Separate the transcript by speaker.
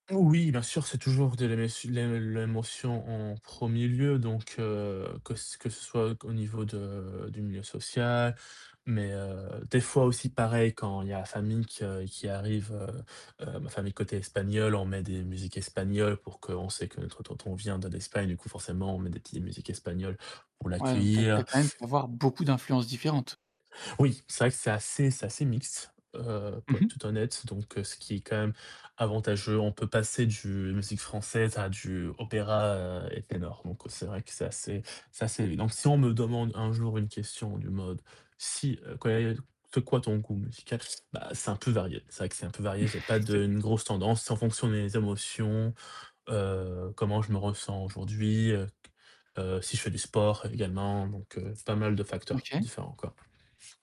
Speaker 1: Oui, bien sûr, c'est toujours de l'éme l'ém l'émotion en 1er lieu donc heu, que ce que ce soit au niveau de du milieu social mais heu, des fois aussi, pareil, quand il y a la famille que qui arrive, heu heu, ma famille côté espagnole, on met des musiques espagnoles pour que on sait que notre tonton vient de l'Espagne du coup forcément, on met des petites musiques espagnoles pour
Speaker 2: Ouais donc tu as tu as
Speaker 1: l'accueillir.
Speaker 2: quand même pu avoir beaucoup d'influences différentes.
Speaker 1: Oui, c'est vrai que c'est assez c'est assez mixte, heu,
Speaker 2: Mmh
Speaker 1: pour être
Speaker 2: mh.
Speaker 1: tout honnête donc ce qui est quand même avantageux. On peut passer du musique française à du opéra et ténor donc c'est vrai que c'est assez c'est assez donc si on me demande un jour une question du mode: «Si heu, quand il y a c'est quoi ton goût musical?» Bah c'est un peu varié. C'est vrai que c'est un peu varié, j'ai pas de
Speaker 2: [unintelligible]
Speaker 1: une grosse tendance, c'est en fonction des émotions, heu, comment je me ressens aujourd'hui, heu, q heu, si je fais du sport également donc heu, pas mal de facteurs
Speaker 2: OK.
Speaker 1: différents, quoi.